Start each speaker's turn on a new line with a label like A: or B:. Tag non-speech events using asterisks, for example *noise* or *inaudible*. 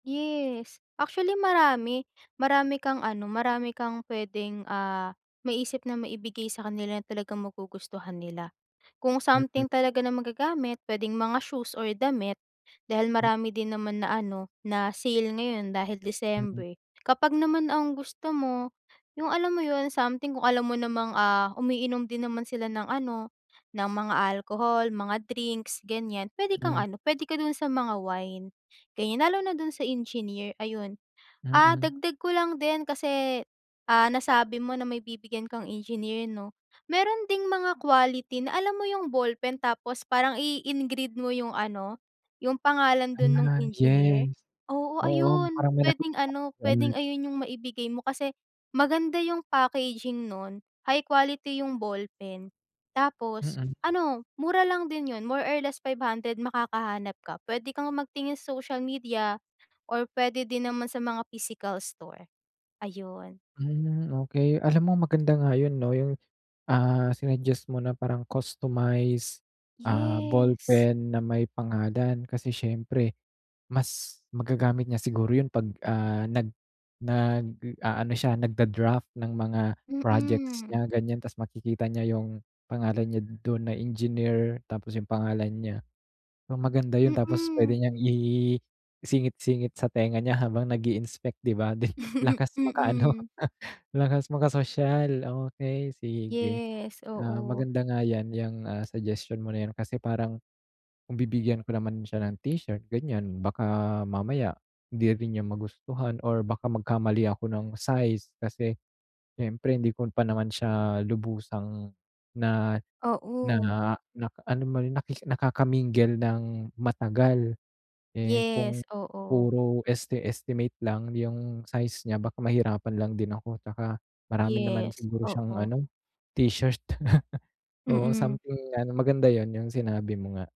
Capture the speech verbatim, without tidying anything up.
A: Yes. Actually marami marami kang ano, marami kang puwedeng, ah, maisip na maibigay sa kanila na talagang magugustuhan nila. Kung
B: Mm.
A: something talaga na magagamit, puwedeng mga shoes or damit, dahil
B: Hmm.
A: marami din naman na ano, na sale ngayon dahil
B: Mm.
A: December. Kapag naman ang gusto mo, 'yung alam mo 'yun, something kung alam mo namang, ah, umiinom din naman sila ng ano, ng mga alcohol, mga drinks ganiyan, puwede kang
B: Mhm.
A: ano, puwede ka dun sa mga wine, ganiyan. Lalo na dun sa engineer, ayun. Ah,
B: Mm.
A: dagdag ko lang din kasi, ah, nasabi mo na may bibigyan kang engineer 'no. Meron ding mga quality, na alam mo 'yung ballpen tapos parang i-i-engrave mo 'yung ano, 'yung pangalan dun nung
B: Ah,
A: engineer.
B: yes.
A: Oo,
B: Oo,
A: ayun,
B: parang may nakita
A: puwedeng ano,
B: akong
A: puwedeng
B: ganun.
A: ayun 'yung maibigay mo, kasi maganda 'yung packaging nun, high quality 'yung ballpen, tapos
B: Mm.
A: ano mura lang din 'yun, more or less five hundred makakahanap ka. Puwede kang magtingin sa social media or puwede din naman sa mga physical store, ayun.
B: Hmm, okey. Alam mo maganda nga 'yun 'no, 'yung, ah, sinuggest mo na parang customized, ah,
A: Yes.
B: ballpen na may pangalan. Kasi siyempre mas magagamit niya siguro 'yun pag, ah, nag nag-aano siya, nag-da-draft ng mga projects
A: Mm.
B: niya, ganiyan, ta's makikita niya 'yung pangalan niya dun na engineer, tapos 'yung pangalan niya. Maganda 'yun, tapos
A: Mm.
B: puwede niyang i i-singit-singit sa tenga niya habang nag-i-inspect, 'di ba.
A: *chuckles*
B: Lakas maka ano,
A: Mm.
B: lakas makasosyal okey, sige.
A: Yes,
B: Oo
A: oo.
B: maganda nga 'yan, 'yang, ah, suggestion mo na 'yan kasi parang, kung bibigyan ko naman siya ng t-shirt, ganiyan, baka mamaya hindi rin niya magustuhan or baka magkamali ako ng size, kasi siyempre hindi ko pa naman siya lubusang na na
A: Oo.
B: na alam mo yun, na nakaka-mingle ng matagal. Eh, kung
A: Yes, oo.
B: puro esti-estimate lang 'yung size niya baka mahirapan lang din ako, 'tsaka marami naman
A: Yes,
B: siguro siyang
A: oo.
B: ano t-shirt. *laughs* Oo,
A: Mm.
B: something na ano, maganda 'yun,'yung sinabi mo nga.